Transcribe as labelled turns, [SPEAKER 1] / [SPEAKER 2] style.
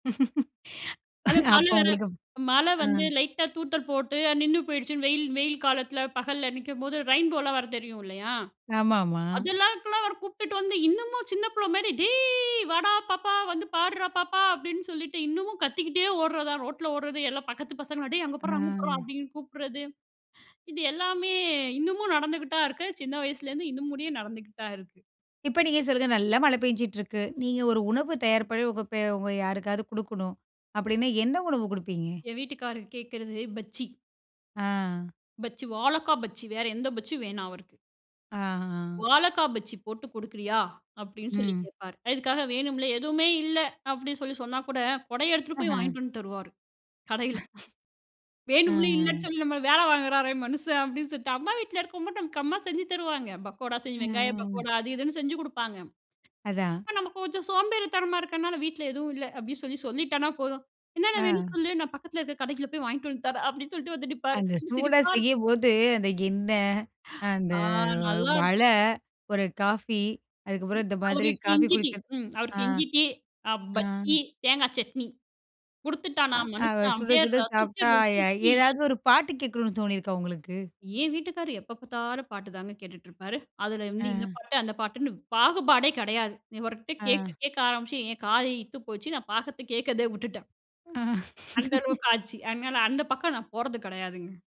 [SPEAKER 1] அது மழ
[SPEAKER 2] அப்ப
[SPEAKER 1] வர,
[SPEAKER 2] உங்களுக்கு
[SPEAKER 1] மழ
[SPEAKER 2] அ.
[SPEAKER 1] வந்து லைட்டா தூத்தல் போட்டு நின்னு போயிடுச்சுன்னு, வெயில் வெயில் காலத்ல பகல்ல நிக்கம்போது ரெயின்போ லாம் வரும் தெரியும் இல்லயா?
[SPEAKER 2] ஆமா ஆமா.
[SPEAKER 1] அதெல்லாம் இதுக்லாம் அவர கூப்ட்டுட்டு வந்து, இன்னமும் சின்ன புள்ள மாரி, "டேய் வாடா பாப்பா வந்து பார்றா பாப்பா". அப்டின்னு சொல்லிட்டு இன்னமும் கத்திக்கிட்டே ஓட்றதான். ரோட்ல ஓட்றது எல்லா பக்கத்து பசங்களும் டேய் அங்க பார்றா அங்க பார்றா
[SPEAKER 2] ஆ.
[SPEAKER 1] அப்டின்னு கூப்ட்றது, இது எல்லாமே இன்னமும் நடந்துக்கிட்தான் இருக்கு. சின்ன வயசுலேருந்து இன்னுமுடியே நடந்துக்கிட்டு தான் இருக்கு.
[SPEAKER 2] இப்ப நீங்க சொல்லுங்க. நல்லா மழை பேய்ஞ்சிட்டுருக்கு. நீங்க ஒரு உணவு தயார் பண்ணி உங்க பே உங்க யாருக்காவது குடுக்கணும் அப்டின்னா, என்ன உணவு குடுப்பீங்க?
[SPEAKER 1] என் வீட்டுக்காரர் கேட்கிறது பஜ்ஜி.
[SPEAKER 2] ஆ.
[SPEAKER 1] பஜ்ஜி வாழக்கா பஜ்ஜி வேற எந்த பஜ்ஜியும் வேணாம் அவருக்கு.
[SPEAKER 2] ஆ. ஆ.
[SPEAKER 1] "வாழக்கா பஜ்ஜி போட்டு குடுக்கிறியா?" அப்டின்னு சொல்லி
[SPEAKER 2] ம்.
[SPEAKER 1] கேட்பாரு. அதுக்காக வேணும்லே, எதுவுமே இல்ல. அப்டின்னு சொல்லி சொன்னா கூட, கொடைய எடுத்துட்டு போய்
[SPEAKER 2] ஆஹ.
[SPEAKER 1] வாங்கிட்டு வந்து தருவாரு கடையில.
[SPEAKER 2] அ.
[SPEAKER 1] "வேணும்லே இல்லன்னு
[SPEAKER 2] அ.
[SPEAKER 1] சொல்லி நம்மள வேல வாங்குறாரே மனுஷன்" அப்டின்னு சொல்ட்டு அம்மா வீட்ல இருக்கும்போது நமக்கு அம்மா செஞ்சு தருவாங்க. பக்கோடா செஞ்சு வெங்காயம்
[SPEAKER 2] அ.
[SPEAKER 1] பக்கோடா, அது இதுன்னு செஞ்சு குடுப்பாங்க.
[SPEAKER 2] அதான்.
[SPEAKER 1] நமக்கு கொஞ்சம் சோம்பேறித்தனமா இருக்றனால, "வீட்ல எதுவும் இல்ல."அப்டின்னு சொல்லி சொல்லிட்டனா போதும். "என்னென்ன வேணும்னு
[SPEAKER 2] ஆ.
[SPEAKER 1] சொல்லு நான் பக்கத்ல இருக்ற கடைக்கில போய் வாங்கிட்டு வந்து தர்றேன்." அப்டின்னு சொல்ட்டு வந்து நிப்பாரு.
[SPEAKER 2] அந்த சூடா
[SPEAKER 1] சிரிப்பா இருக்கும்.
[SPEAKER 2] செய்யம்போது, அந்த எண்ணெய், அந்த
[SPEAKER 1] ஆ
[SPEAKER 2] மழ,
[SPEAKER 1] நல்லாருக்கும்.
[SPEAKER 2] ஒரு காஃபி
[SPEAKER 1] இ
[SPEAKER 2] அதுக்கப்புறம் இந்த மாதிரி
[SPEAKER 1] அவருக்கு
[SPEAKER 2] காஃபி
[SPEAKER 1] இஞ்சி டீ
[SPEAKER 2] குடிக்றது
[SPEAKER 1] ம்
[SPEAKER 2] ஆ.
[SPEAKER 1] அவருக்கு இஞ்சி டீ, பஜ்ஜி, தேங்காய் சட்னி
[SPEAKER 2] ஆ
[SPEAKER 1] குடுத்துட்டானா
[SPEAKER 2] அத
[SPEAKER 1] மனுஷன்
[SPEAKER 2] சுட
[SPEAKER 1] அப்டியே,
[SPEAKER 2] சுட
[SPEAKER 1] ரசிச்சு
[SPEAKER 2] சாப்ட்டா, அ
[SPEAKER 1] ருசிச்சு
[SPEAKER 2] ஏதாவது ஒரு பாட்டு கேட்கணும்னு தோணியிருக்கா உங்களுக்கு?
[SPEAKER 1] என் வீட்டுக்காரர் எப்ப பார்த்தாலும் பாட்டு தாங்க கேட்டுட்ருப்பாரு. அதுல வந்து இந்த
[SPEAKER 2] ஆ.
[SPEAKER 1] பாட்டு அந்த பாட்டுன்ன பாகுபாடே கெடையாது. இவர்கிட்ட கேட்க
[SPEAKER 2] ஆ.
[SPEAKER 1] கேட்க ஆரம்பிச்சு என் காது இத்து போச்சு. நான் பாகத்த கேட்கிறதே விட்டுட்டேன்.
[SPEAKER 2] ஆ.
[SPEAKER 1] அந்த அளவுக்கு ஆச்சு. அதனால அந்த பக்கம் நான் போர்றது கெடையாதுங்க.